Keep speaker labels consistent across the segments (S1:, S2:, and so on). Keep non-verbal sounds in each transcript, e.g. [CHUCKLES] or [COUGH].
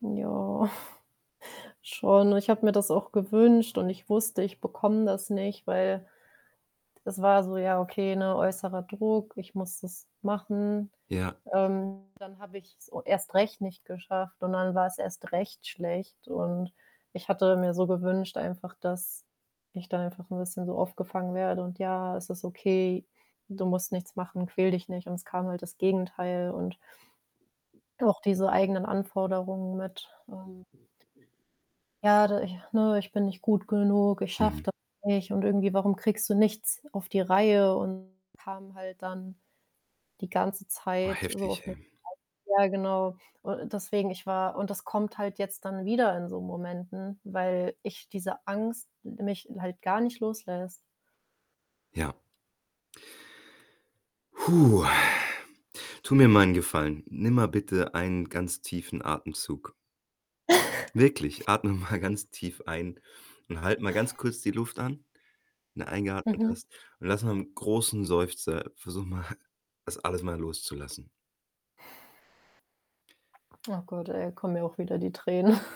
S1: Ja, [CHUCKLES] schon. Ich habe mir das auch gewünscht und ich wusste, ich bekomme das nicht, weil es war so: „Ja, okay, ne, äußerer Druck, ich muss das machen.“
S2: Ja.
S1: Ähm, dann habe ich's so erst recht nicht geschafft und dann war's erst recht schlecht. Und ich hatte mir so gewünscht einfach, dass ich dann einfach 'n bisschen so aufgefangen werde und: „Ja, es ist okay. Du musst nichts machen, quäle dich nicht.“ Und es kam halt das Gegenteil und auch diese eigenen Anforderungen mit, ähm. „Ja, d ich, ne, ich bin nicht gut genug. Ich schaffe
S2: Mhm.
S1: das nicht“, und irgendwie: „Warum kriegst du nichts auf die Reihe?“ Und kam halt dann die ganze
S2: Oh
S1: Zeit so
S2: heftig,
S1: auf mich.
S2: hey.
S1: [UNINTELLIGIBLE] Ja, genau. U deswegen ich war und das kommt halt jetzt dann wieder in so Momenten, weil ich diese Angst mich halt gar nicht loslässt.
S2: Ja. [EXHALES] Tu mir mal 'n Gefallen. Nimm mal bitte einen ganz tiefen Atemzug.
S1: [CHUCKLES]
S2: Wirklich, atme mal ganz tief ein und halt mal ganz kurz die Luft an, wenn du eingeatmet
S1: Mhm.
S2: hast. Und lass mal 'n großen Seufzer versuche mal, das alles mal loszulassen.
S1: Oh Gott, ey, kommen mir auch wieder die Tränen.. [CHUCKLES]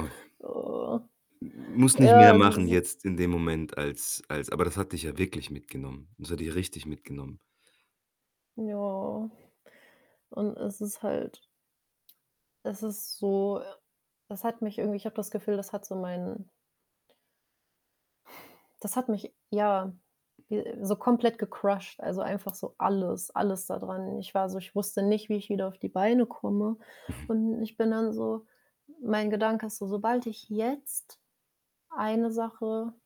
S2: Oh.
S1: Oh.
S2: M m musst nicht mehr
S1: Ja, es
S2: machen
S1: ist
S2: jetzt in dem Moment als als aber das hat dich ja wirklich mitgenommen. Das hat dich richtig mitgenommen.
S1: Ja. Und es ist halt es ist so das hat mich irgendwie ich habe das Gefühl, das hat so meinen das hat mich, ja, ge so komplett gecrusht, also, einfach so alles alles da dran. Ich war so ich wusste nicht, wie ich wieder auf die Beine komme.
S2: Mhm.
S1: Und ich bin dann so mein Gedanke ist so: „Sobald ich jetzt eine Sache“